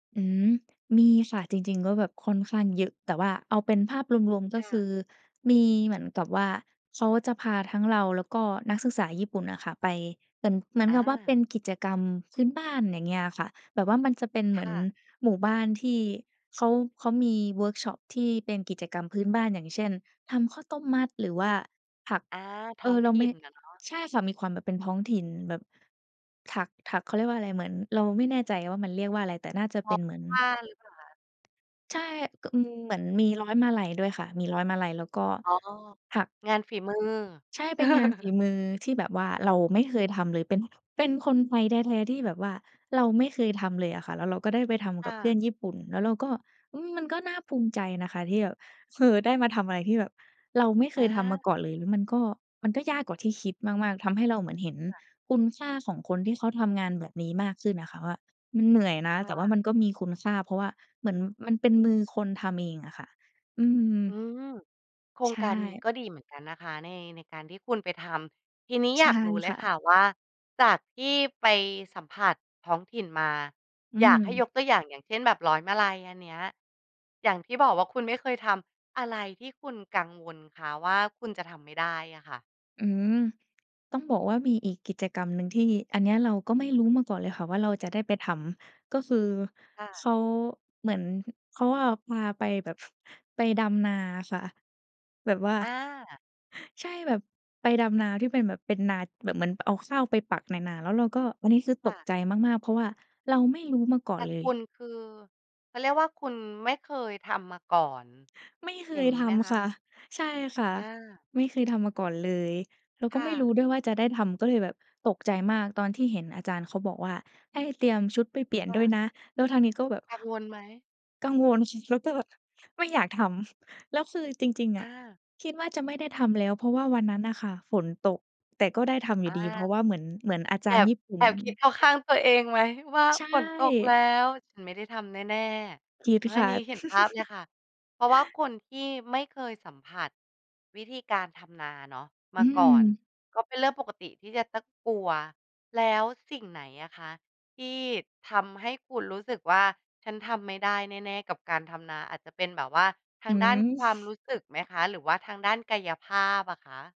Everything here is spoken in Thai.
อืม มีค่ะ จริง ๆ ก็ แบบค่อนข้างเยอะ แต่ว่าเอาเป็นภาพรวม ๆ ก็ค่คะ ือ มีเหมือนกับว่า เขาจะพาทั้งเรา แล้วก็นักศึกษาญี่ปุ่นอะค่ะไป เหมือน เหมือนอกับว่าเปา ็นกิจกรรมพื้นบ้าน อย่างเงี้ยอะค่ะ แบบว่ามันจะเป็นเคหมือ่นะ หมู่บ้านที่เขา เขามีเวิร์กช็อปที่เป็นกิจกรรมพื้นบ้าน อย่างเช่น ทำข้าวต้มมัด หรือว่าผัก อา ทเอ้องอ เราถไิม่่ นอะเนาะ ใช่ค่ะ มีความแบบเป็นท้องถิ่น แบบถัก ถัก เขาเรียกว่าอะไร เหมือนเราไม่แน่ใจ ว่ามันเรียกว่าอะไร แต่น่า จะทเปอ็นเหมือผ้น าหรือเปล่าคะ? ใช่ ก อืม เหมือนมีร้อยมาลัยด้วยค่ะ มีร้อยมาลัยแล้วก็อ๋อ ถัก งานฝีมือ ใช่ เป็นงานฝีมือที่แบบว่าเราไม่เคยทำเลย เป็น เป็นคนไทยแท้ ๆ ที่แบบว่าเราไม่เคยทำเลยอะค่ะ แล้วเราก็ได้ไปทคำก่ับเพื่ะ อนญี่ปุ่น แล้วเราก็ อืม มันก็น่าภูมิใจนะคะที่แบบ เฮอ ได้มาทำอะไรที่แบบเราไม่เคอยทำมากา ่อนเลย หรือมันก็ มันก็ยากกว่าที่คิดมาก ๆ ทำให้เราเหมือนเห็นค่ะ คุณค่าของคนที่เขาทำงานแบบนี้มากขึ้นอะค่ะว่า มันเหนื่อยนะคแ่ต่ว่าะ มันก็มีคุณค่า เพราะว่าเหมือนมันเป็นมือคนทำเองอะค่ะ อือืม ม โครใชงการนี้่ ก็ดีเหมือนกันนะคะ ใน ในการที่คุณไปทำ ทีนี้ใอชย่ากรู้เลคย่ค่ะ ะว่า จากที่ไปสัมผัสท้องถิ่นมา อือยากให้ม ยกตัวอย่าง อย่างเช่น แบบร้อยมาลัยอันเนี้ย อย่างที่บอกว่าคุณไม่เคยทำ อะไรที่คุณกังวลคะว่า คุณจะทำไม่ได้อะค่ะ? อืม ต้องบอกว่ามีอีกกิจกรรมหนึ่ง ที่อันเนี้ยเราก็ไม่รู้มาก่อนเลยค่ะว่าเราจะได้ไปทำ ก็คือค่เะ ขา เหมือนเขาเอา พาไปแบบ ไปดำนาอะค่ะ แบบว่า อา ใช่ แบบไปดำนาที่เป็นแบบเป็นนาแบบเหมือนเอาข้าวไปปักในนา แล้วเราก็ อันนี้คือคต่กะ ใจมาก ๆ เพราะว่าเราไม่รู้มาก่อแตน่เลคย ุณคือ เขาเรียกว่าคุณไม่เคยทำมาก่อน ไม่เคอย่ายงงที้ไหมคำคะ? ่ะ ใช่ค่ะ อา ไม่เคยทำมาก่อนเลย แล้วกค็่ไม่รู้ะ ด้วยว่าจะได้ทำ ก็เลยแบบตกใจมาก ตอนที่เห็นอาจารย์เขาบอกว่า "ให้เตรียมชุดไปเปลี่ยนค่ด้วยะ นะ" แล้วทางนี้ก็แบบ กังวลไหม? กังวล แล้วก็ไม่อยากทำ แล้วคือจริง คๆ อ่ะ ะ คิดว่าจะไม่ได้ทำแล้ว เพราะว่าวันนั้นน่ะค่ะฝนตก แต่ก็ได้ทำออยูา ่ดีเพราะว่าเหมือน เหมือนอาจแอารย์บ ญี่ปุ่แอน บคิด เข้าข้างตัวเองไหม ว่า ใช"ฝนตกแล่ ้ว ฉันไม่ได้ทำแน่ ๆ" คิดอา คอัน่ะ นี้เห็นภาพเลยค่ะ เพราะว่าคนที่ไม่เคยสัมผัสวิธีการทำนาเนาะ มอาืก่อน ม ก็เป็นเรื่องปกติที่จะต้องกลัว แล้วสิ่งไหนอะคะ? ที่ทำให้คุณรู้สึกว่าฉันทำไม่ได้แน่ ๆ กับการทำนา อาจจะเป็นแบบว่า ทอาืงด้านม ความรู้สึกไหมคะ หรือว่าทางด้านกายภาพอะคะ?